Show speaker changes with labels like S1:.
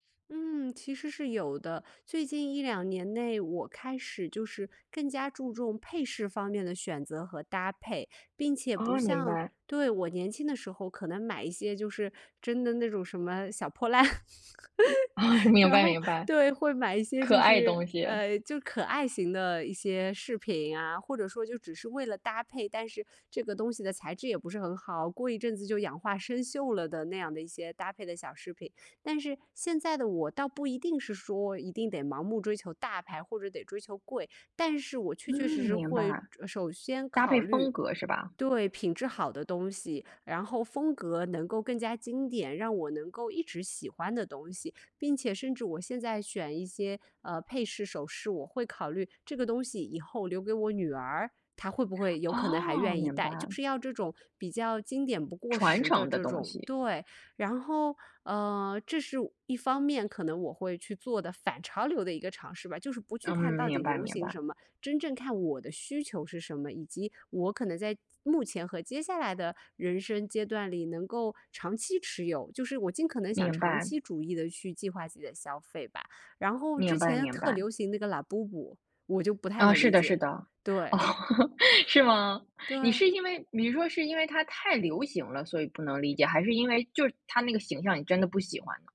S1: 嗯，其实是有的，最近1、2年内，我开始就是更加注重配饰方面的选择和搭配，并且不
S2: 哦，明
S1: 像
S2: 白。
S1: 对，我年轻的时候可能买一些就是真的那种什么小破烂。
S2: 哦，明
S1: 然
S2: 白
S1: 后，
S2: 明白，
S1: 对，会买一些
S2: 可
S1: 就
S2: 爱
S1: 是，
S2: 东西。
S1: 呃，就可爱型的一些饰品啊，或者说就只是为了搭配，但是这个东西的材质也不是很好，过一阵子就氧化生锈了的那样的一些搭配的小饰品。但是现在的我倒不一定是说，一定得盲目追求大牌，或者得追求贵，但是我确
S2: 嗯，
S1: 确实实
S2: 明白。
S1: 会首先
S2: 搭配
S1: 考虑
S2: 风格是吧？
S1: 对，品质好的东西，然后风格能够更加经典，让我能够一直喜欢的东西，并且甚至我现在选一些，呃，配饰、首饰，我会考虑这个东西以后留给我女儿，她会不会有可能还
S2: 哦，
S1: 愿意
S2: 明白。
S1: 戴，就是要这种比较经典不过
S2: 传
S1: 时的
S2: 承的
S1: 这
S2: 东
S1: 种
S2: 西。
S1: 对，然后，呃，这是一方面可能我会去做的反潮流的一个尝试吧，就是不去
S2: 嗯，
S1: 看到
S2: 明
S1: 底
S2: 白
S1: 流
S2: 明
S1: 行
S2: 白。
S1: 什么，真正看我的需求是什么，以及我可能在目前和接下来的人生阶段里能够长期持有，就是我尽可能想
S2: 明
S1: 长
S2: 白。
S1: 期主义地去计划自己的消费吧。然后之
S2: 明白
S1: 前
S2: 明
S1: 特
S2: 白。
S1: 流行那个 Labubu，我就不太
S2: 啊，
S1: 能
S2: 是
S1: 理
S2: 的是
S1: 解，
S2: 的，
S1: 对。
S2: 是吗？你
S1: 对。
S2: 是因为你说是因为它太流行了，所以不能理解，还是因为就是它那个形象，你真的不喜欢呢？